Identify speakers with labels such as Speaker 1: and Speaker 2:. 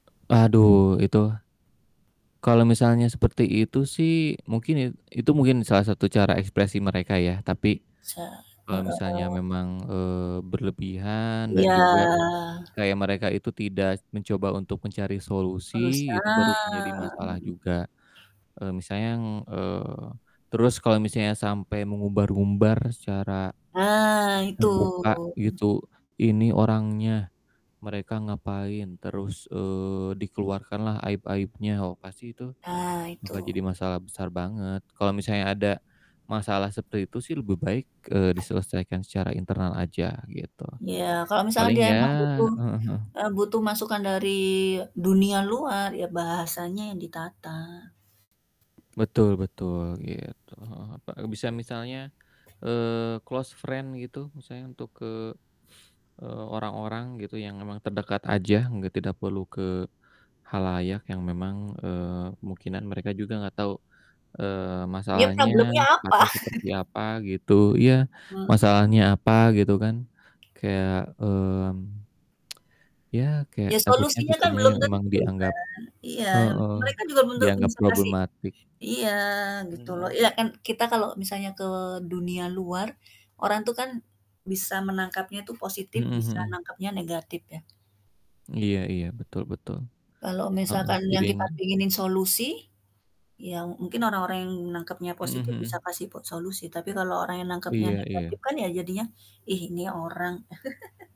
Speaker 1: Aduh itu, kalo misalnya seperti itu sih mungkin i itu mungkin salah satu cara ekspresi mereka ya, tapi
Speaker 2: Sa
Speaker 1: kalo misalnya
Speaker 2: heeh.
Speaker 1: memang, eee, berlebihan, dan
Speaker 2: Iya.
Speaker 1: juga kayak mereka itu tidak mencoba untuk mencari solusi, itu baru
Speaker 2: Berusaha.
Speaker 1: menjadi masalah juga, eee, misalnya ng eee, terus kalo misalnya sampai mengumbar-umbar secara
Speaker 2: Ah, itu,
Speaker 1: terbuka
Speaker 2: hmm.
Speaker 1: gitu, ini orangnya, mereka ngapain terus, eee, dikeluarkan lah aib-aibnya, wah pasti itu
Speaker 2: Ah
Speaker 1: bakal jadi
Speaker 2: itu.
Speaker 1: masalah besar banget. Kalo misalnya ada masalah seperti itu sih lebih baik, eee, diselesaikan secara internal aja gitu.
Speaker 2: Ya, kalau misalkan
Speaker 1: Paling
Speaker 2: dia
Speaker 1: ya
Speaker 2: emang butuh
Speaker 1: heeh heeh.
Speaker 2: eee, butuh masukan dari dunia luar ya bahasanya yang ditata.
Speaker 1: Betul betul, gitu, heeh heeh, bisa misalnya, eee, closed friend gitu misalnya untuk ke, eee, orang-orang gitu yang memang terdekat aja, nggak tidak perlu ke khalayak yang memang, eee, kemungkinan mereka juga gak tau, eee,
Speaker 2: Ya
Speaker 1: masalahnya,
Speaker 2: problemnya apa?
Speaker 1: [unintelligible] seperti apa gitu, iya,
Speaker 2: Mmm.
Speaker 1: masalahnya apa gitu kan kayak, mmm, ya kayak
Speaker 2: Ya
Speaker 1: takutnya
Speaker 2: solusinya kan
Speaker 1: kitanya
Speaker 2: belum
Speaker 1: yang emang
Speaker 2: tentu kan,
Speaker 1: dianggap
Speaker 2: iya,
Speaker 1: heeh
Speaker 2: mereka juga belum tentu
Speaker 1: dianggap
Speaker 2: bisa kasih
Speaker 1: problematik.
Speaker 2: iya, gitu loh,
Speaker 1: Mhm.
Speaker 2: iya kan kita kalau misalnya ke dunia luar, orang tuh kan bisa menangkapnya itu positif,
Speaker 1: Mhm
Speaker 2: bisa
Speaker 1: mhm.
Speaker 2: nangkapnya negatif ya.
Speaker 1: Iya iya, betul betul.
Speaker 2: Kalau
Speaker 1: Heeh,
Speaker 2: misalkan
Speaker 1: jadi
Speaker 2: yang
Speaker 1: yang
Speaker 2: kita pinginin solusi, ya mungkin orang-orang yang nangkepnya
Speaker 1: Mhm
Speaker 2: positif bisa
Speaker 1: mhm.
Speaker 2: kasih po solusi tapi kalau orang yang nangkepnya
Speaker 1: Iya
Speaker 2: negatif
Speaker 1: iya.
Speaker 2: kan ya jadinya, "ih ni orang"